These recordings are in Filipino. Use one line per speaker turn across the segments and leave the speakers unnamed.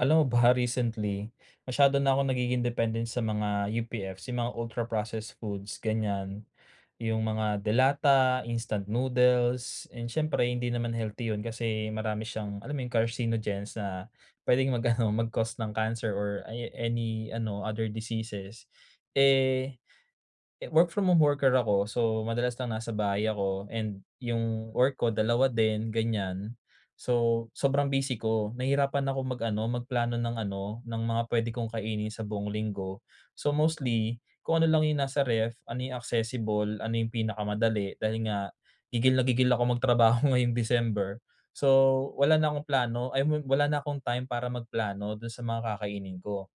Alam mo ba, recently masyado na akong nagiging dependent sa mga UPF's, yung mga ultra processed foods ganyan, yung mga delata, instant noodles and siyempre hindi naman healthy 'yun kasi marami siyang, alam mo yung, carcinogens na puwedeng mag-ano, mag-cause ng cancer or aya any ano other diseases. Eh, work from home worker ako so madalas lang nasa bahay ako and yung work ko 2 din ganyan, so sobrang busy ko, nahirapan akong mag-ano, magplano ng ano, ng mga puwede kong kainin sa buong linggo. So, mostly kung ano lang yung nasa ref, ano yung accessible, ano yung pinakamadali, dahil nga gigil na gigil akong magtrabaho ngayong December so wala na akong plano ay wala na akong time para magplano do'n sa mga kakainin ko.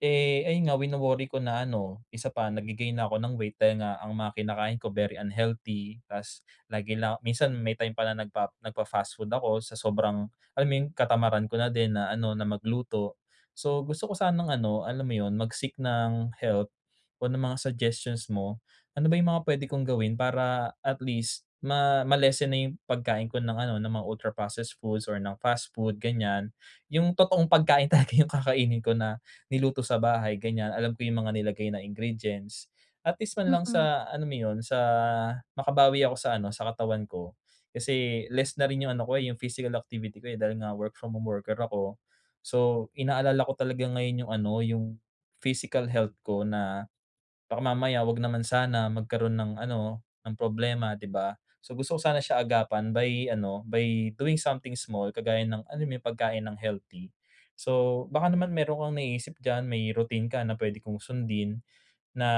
Eh, ayun nga wino-worry ko na ano, isa pa, nagge-gain na ako ng weight dahil nga ang mga kinakain ko very unhealthy, ta's lagi lang minsan may time pa nagpa nagpa-fast food ako sa sobrang, alam mo 'yun, katamaran ko na din na ano na magluto. So, gusto ko sanang ano, alam mo 'yun, mag-seek ng help o ng mga suggestions mo. Ano ba yung mga puwede kong gawin para at least ma ma-lessen na yung pagkain ko ng ano ng mga ultra processed foods or ng fast food ganyan. Yung totoong pagkain talaga yung kakainin ko na niluto sa bahay ganyan, alam ko yung mga nilagay na ingredients. At least man lang
Mm.
sa alam mo 'yun sa makabawi ako sa ano, sa katawan ko kasi less na rin yung ano ko, eh, yung physical activity ko, eh, dahil nga work from home worker ako. So inaalala ko talaga ngayon yung ano, yung physical health ko na baka mamaya, 'wag naman sana, magkaroon ng ano ng problema, 'di ba? So gusto ko sana siya agapan by ano, by doing something small, kagaya ng, alam mo 'yun, pagkain ng healthy. So, baka naman mayro'n kang naiisip diyan, may routine ka na puwede kong sundin na,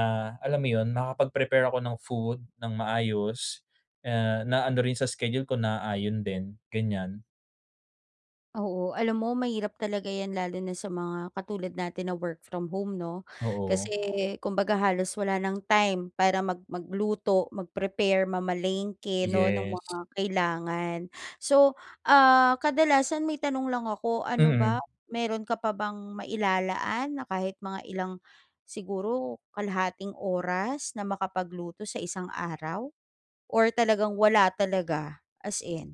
alam mo yun, makapag-prepare ako ng food nang maayos, eh, na ano rin sa schedule ko, naaayon din, ganyan?
Oo, alam mo mahirap talaga yan lalo na sa mga katulad natin na work from home 'no. Kasi,
Oo.
kumbaga halos wala ng time para mag magluto, mag-prepare, mamalengke 'no ng mga
Yes.
kailangan. So, ah, kadalasan may tanong lang ako. Ano ba
Mm.
mayro'n ka pa bang mailalaan na kahit mga ilang siguro kalahating oras na makapagluto sa isang araw or talagang wala talaga as in?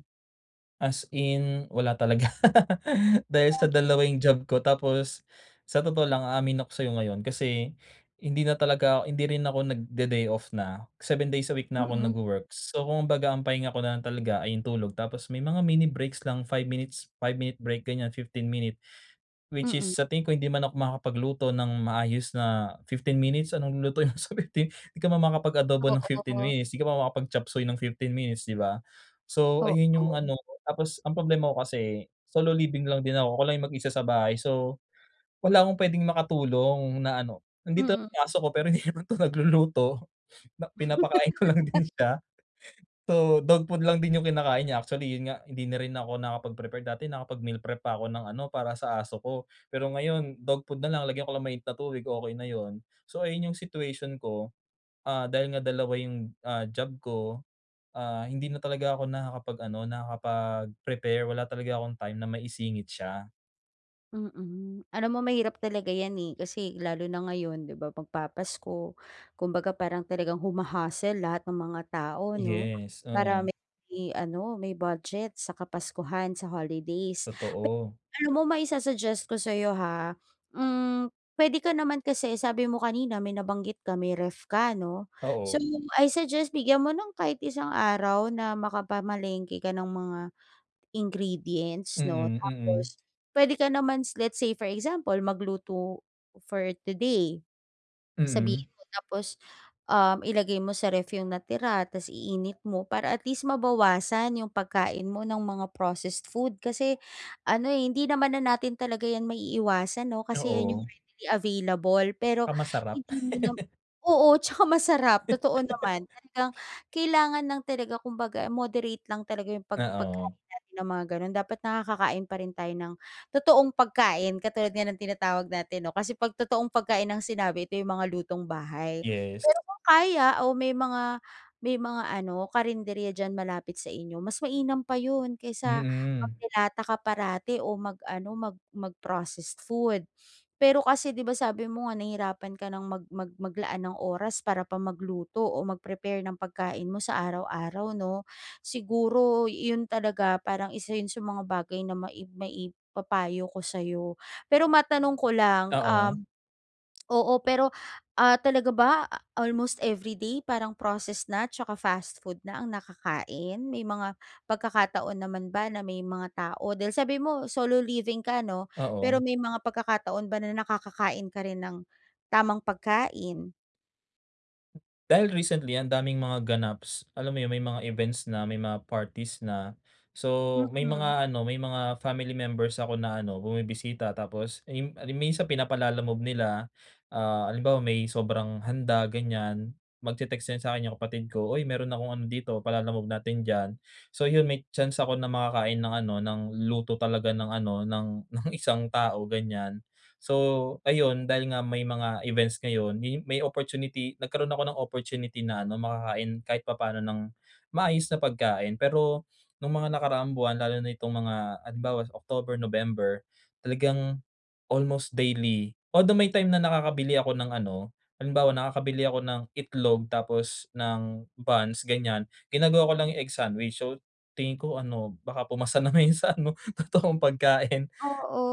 As in, wala talaga. Dahil sa
Ah.
2 yung job ko tapos, sa totoo lang aamin ako sa'yo ngayon kasi hindi na talaga, hindi rin ako nagde-day off na. 7 days a week na ako
Mm.
nag-work so kumbaga ang pahinga ko na lang talaga ay yung tulog. Tapos may mga mini breaks lang 5 minutes, 5 minute break ganyan 15 minute. Which is
Mm.
sa tingin ko hindi man ako makakapagluto ng maayos na 15 minutes, anong lulutuin mo sa 15 'di ka naman makakapag-adobo ng 15
Oo.
minutes. Di ka naman makakapag-chapsuey ng 15 minutes 'di ba? So ayun yung
Oo.
ano ko, tapos ang problema ko kasi solo living lang din ako, ako lang yung mag-isa sa bahay. So, wala akong puwedeng makatulong na ano nandito
Mm.
ang aso ko pero hindi naman to nagluluto. Na pinapakain ko lang din siya. So dog food lang din yung kinakain niya. Actually 'yun nga hindi na rin ako nakapag prepare. Dati nakapag meal prep pa ako ng ano para sa aso ko, pero ngayon dog food nalang lagyan ko lang ng mainit na tubig, okey na 'yun. So ayun yung situation ko. Ah, dahil nga 2 yung, ah, job ko, ah, hindi na talaga ako nakakapag-ano nakakapag-prepare. Wala talaga akong time na maisingit siya.
Mm, alam mo, mahirap talaga ’yan, eh, kasi lalo na ngayon, ’di ba, magpapasko. Kumbaga, parang talagang huma-hustle lahat ng mga tao, 'no,
Yes,
para
oo.
may, ano, may budget sa kapaskuhan, sa holidays. Pe
Totoo.
alam mo maisa-suggest ko sa'yo ha, hmm, puwede ka naman kasi sabi mo kanina, may nabanggit ka, may ref ka, 'no. So
Oo.
I suggest bigyan mo ng kahit isang araw na makapamalengke ka ng mga ingredients, 'no,
Mm, mm.
tapos puwede ka namans, let's say for example, magluto for today. Sabihin
Mm.
mo tapos, um, ilagay mo sa ref yung natira, tas iinit mo para at least mabawasan yung pagkain mo ng mga processed food kasi, ano, eh, hindi naman na natin talaga yan maiiwasan, 'no, kasi yan yung
Oo.
ready available, pero
Ah, masarap.
hindi mo nam oo, 'tsaka masarap totoo naman talagang kailangan lang talaga, kumbaga, moderate lang talaga yung pag
Ah,
pagkain
oo.
natin ng mga gano'n, dapat nakakakain pa rin tayo ng totoong pagkain, katulad nga ng tinatawag natin, 'no, kasi pag totoong pagkain, ang sinabi ito yung mga lutong-bahay.
Yes.
Pero kung kaya o may mga may mga ano karinderya diyan malapit sa inyo, mas mainam pa ’yon kaysa
Mm.
magde lata ka parati o mag-ano, mag mag-processed food. Pero kasi di ba, sabi mo nga nahirapan ka ng mag mag maglaan ng oras para pa magluto o mag-prepare ng pagkain mo sa araw-araw, 'no. Siguro iyon talaga, parang isa 'yon sa mga bagay na maib maib papayo ko sa'yo. Pero matanong ko lang um,
Oo.
oo, pero, ah, talaga ba, a almost every day parang processed na, 'tsaka fast food na ang nakakain, may mga pagkakataon naman ba na may mga tao dahil, sabi mo, solo living ka, 'no, pero
Oo.
may mga pagkakataon ba na nakakakain ka rin ng tamang pagkain?
Dahil recently ang daming mga ganaps, alam mo 'yun may mga events na, may mga parties na, so may
Mm.
mga ano may mga family members ako na ano bumibisita. Tapos, eh, mi minsan pinapa-Lalamove nila, ah, halimbawa may sobrang handa ganyan, magte-text yan sa'kin yung kapatid ko, "uy, mayro'n akong ano dito pa-Lalamove natin diyan." So 'yun may chance ako na makakain ng ano ng luto talaga ng ano ng, ng isang tao ganyan. So ayun dahil nga may mga events ngayon, yu may opportunity nagkaroon ako ng opportunity na ano makakain kahit papaano ng maayos na pagkain. Pero nung mga nakaraang buwan lalo na itong mga halimbawa October, November, talagang almost daily, although may time na nakakabili ako ng ano, halimbawa nakakabili ako ng itlog tapos ng buns ganyan ginagawa ko lang yung egg sandwich. So tingin ko ano baka pumasa na 'yun sa ano totoong pagkain.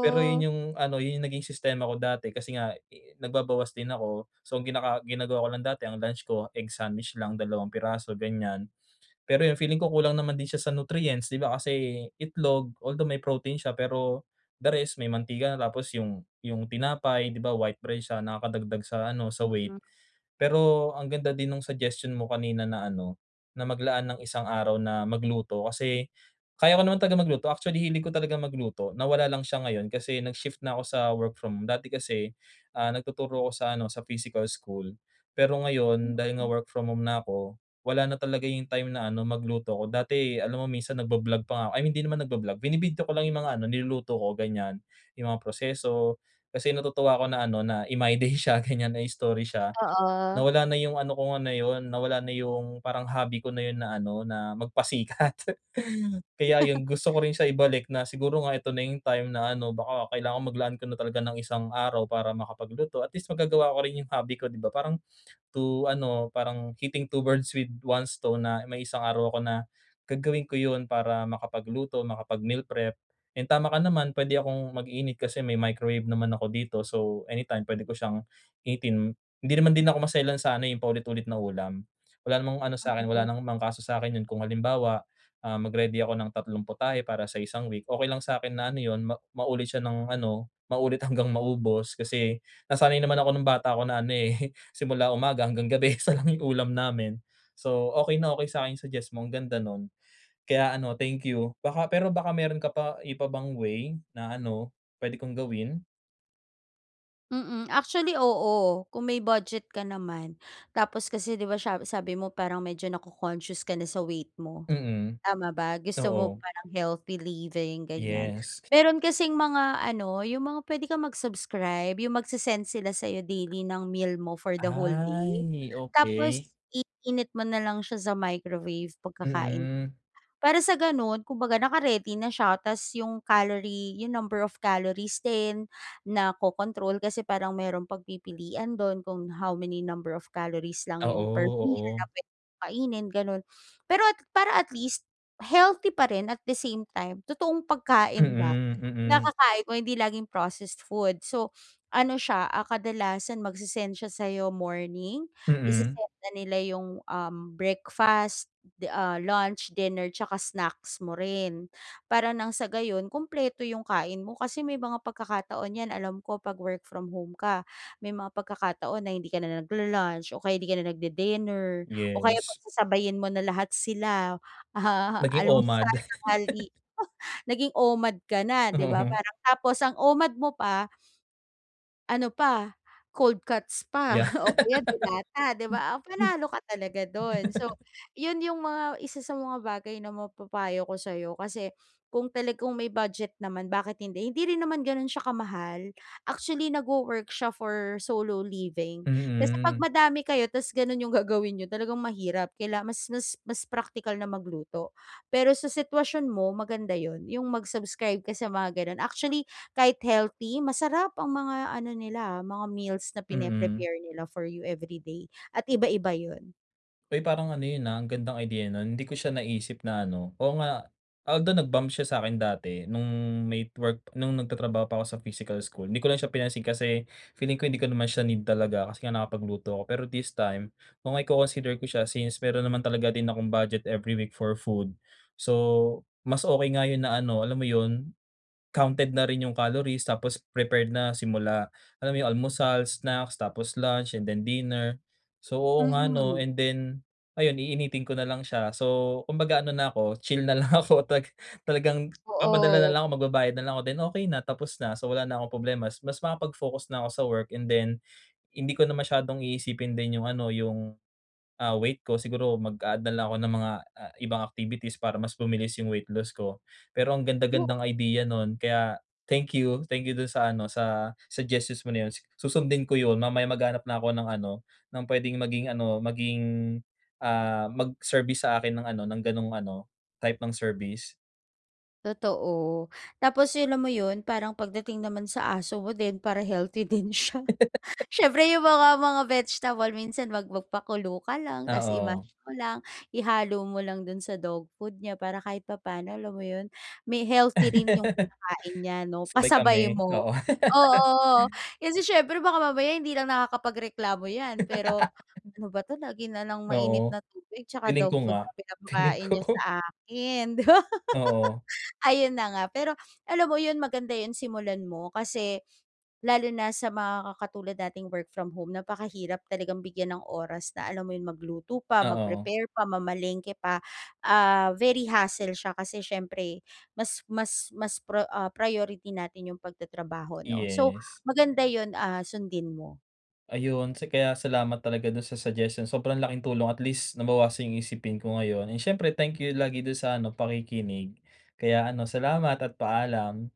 Pero 'yun yung ano 'yun yung naging sistema ko dati kasi nga, eh, nagbabawas din ako so gina ginagawa ko lang dati ang lunch ko egg sandwich lang, dalawang piraso ganyan. Pero yung feeling ko kulang naman din siya sa nutrients 'di ba kasi itlog, although may protein siya pero, the rest may mantika na. Tapos yung yung tinapay 'di ba white bread siya, nakakadagdag sa ano sa weight.
Mm.
Pero ang ganda din nung suggestion mo kanina na ano, na maglaan ng isang araw na magluto, kasi kaya ko naman talaga magluto actually hilig ko talagang magluto, nawala lang siya ngayon kasi nag shift na ako sa work-from-home. Dati kasi, ah, nagtuturo ako sa ano sa physical school pero ngayon dahil nga
Mm.
work from-home na ako, wala na talaga yung time na ano magluto ko. Dati alam mo minsan nagba-vlog pa nga I mean hindi naman nagba-vlog, bini-video ko lang yung mga ano niluluto ko ganyan. Yung mga proseso, kasi natutuwa ako na ano na i-my day siya ganyan na i-story siya.
Oo.
Nawala na yung ano ko nga na 'yun nawala na yung parang hobby ko na 'yun na ano na magpasikat. Kaya 'yun gusto ko rin siya ibalik na siguro nga ito na yung time na ano baka kailangan maglaan ka na talaga ng isang araw para makapagluto. At least magagawa ko rin yung hobby ko 'di ba. Parang to ano, parang "hitting two birds with one stone" na may isang araw ako na gagawin ko 'yun para makapagluto, makapag-meal prep and tama ka naman puwede akong mag-init kasi may microwave naman ako dito so anytime puwede ko siyang initin. Hindi naman din ako maselan sa ano, eh, yung paulit-ulit na ulam. Wala namang ano sa'kin wala
Mm.
namang kaso sa'kin 'yun kung halimbawa, ah, mag-ready ako ng tatlong putahe para sa isang week. Okey lang sa'kin na ano 'yun ma maulit siya ng ano maulit hanggang maubos. Kasi nasanay naman ako nung bata ako na ano, eh, simula umaga hanggang gabi 1 lang yung ulam namin, so okey na okey sa'kin yung suggest mo ang ganda no'n. Kaya ano thank you. Baka pero baka mayro'n ka pa iba pang way na ano puwede kong gawin?
Mm, actually oo, kung may budget ka naman, tapos kasi di ba siya sabi mo parang medyo naco-conscious ka na sa weight mo,
Mm,
tama ba? Gusto mo
oo.
parang healthy living ganiyan.
Yes.
Meron kasing mga ano, yung mga puwede kang mag-subscribe, yung mag-se-send sila sayo daily ng meal mo for the whole
Ay
day,
ni
tapos
okey.
iinit mo na lang siya sa microwave pagkakain.
Mm.
Para sa ganun kumbaga naka-ready na siya ta's yung calorie yung number of calories din naco-control, kasi parang merong pagpipilian dun kung how many number of calories lang yung per
Oo,
meal na
oo.
pwe kainin ganon. Pero at para at least healthy parin at the same time, totoong pagkain ba
Mm,
yung
mm.
nakakain ko, hindi laging processed food. So ano siya, ah, kadalasan mag-se-send siya sayo morning,
Mm.
i-sesend na nila yung, um, breakfast, de ah lunch, dinner 'tsaka snacks mo rin, para nang sa gayon kumpleto yung kain mo, kasi may mga pagkakataon yan, alam ko pag work from home ka, may mga pagkakataon na hindi ka na naglu-lunch o kaya hindi ka na nag-de-dinner, o kaya
Yes.
pagsasabayin mo na lahat sila,
Naging
alam mo sana
OMAD
mali naging OMAD ka na di ba?
Oo.
Parang tapos ang OMAD mo pa ano pa cold cuts pa
Ya,
o kaya delata di ba, ah,
hmm, hmm.
panalo ka talaga dun. So yun yung mga 1 sa mga bagay na mapapayo ko sayo kasi kung talagang may budget naman bakit hindi, hindi rin naman ganun siya kamahal, actually nag-wo-work siya for solo living, kasi pag
Mm.
madami kayo ta's ganun yung gagawin niyo, talagang mahirap kaila mas mas mas praktikal na magluto. Pero sa sitwasyon mo, maganda yun, yung mag-subscribe ka sa mga ganon, actually, kahit healthy masarap ang mga ano nila, mga meals na
Mm.
pine-prepare nila for you every day at iba-iba yun.
Ay, parang ano 'yun, ah, ang gandang idea no'n, hindi ko siya naisip na ano, oo nga although, nag-bump siya sa'kin dati nung may work nung nagtatrabaho pa ako sa physical school, 'di ko lang siya pinansin kasi feeling ko hindi ko naman siya need talaga, kasi nga nakakapagluto ako pero this time, kung iko-consider ko siya since mayro'n naman talaga din akong budget every week for food. So, mas okey nga 'yun na ano, alam mo yun, counted na rin yung calories tapos prepared na simula, alam mo yun, almusal, snacks tapos lunch and then dinner. So, oo nga, 'no,
Mm.
and then, ayun, iinitin ko na lang siya. So, kumbaga ano na ako, chill na lang ako. Talaga talagang papadala na
Oo.
lang ako, magbabayad na lang ako, then okey na, tapos na. So, wala na akong problema, mas mas makapag-focus na ako sa work and then, hindi ko na masyadong iisipin din yung ano, yung, ah, weight ko. Siguro mag-a-add na lang ako ng mga, ah, ibang activities para mas bumilis yung weight loss ko. Pero ang ganda-gandang idea no'n kaya, thank you, thank you do'n sa ano, sa suggestions mo na 'yun. Su susundin ko 'yun, mamaya maghahanap na ako ng ano, ng puwedeng maging ano, maging, ah, mag-service sa akin ng ano, ng ganong ano, type ng service.
Totoo, tapos 'yun alam mo 'yun, parang pagdating naman sa aso mo din para healthy din siya. Siyempre, yung mga, mga vegetable, minsan mag magpakulo ka lang.
Ah,
Tas i-mash
oh.
mo lang, ihalo mo lang do'n sa dog food niya para kahit papano, alam mo 'yun, may healthy rin 'yung kinakain niya, 'no?
Sabay
Kasabay
kami,
mo.
oo.
Oo, kasi siyempre, baka mamaya hindi lang nakakapagreklamo 'yan. Pero, "Ano ba 'to, lagi na lang mainit
Oo,
na tubig tsaka
feeling ko
dog food na
nga, Tingin
pinapakain niya
ko.
sa akin." 'Di ba?
Oo.
Ayun na nga. Pero alam mo 'yun, maganda yung simulan mo. Kasi lalo na sa mga ka katulad nating work from home, napakahirap talagang bigyan ng oras na alam mo 'yun, magluto pa,
Oo.
mag-prepare pa, mamalengke pa. Ah, very hassle siya kasi, siyempre, mas, mas, mas, pro ah, priority natin yung pagtatrabaho, 'no? So,
Yes.
maganda yun, ah, sundin mo.
Ayun, ts kaya salamat talaga do'n sa suggestions. Sobrang laking tulong, at least nabawasan yung isipin ko ngayon. Eh, siyempre, thank you lagi do'n sa ano pakikinig. Kaya ano salamat at paalam.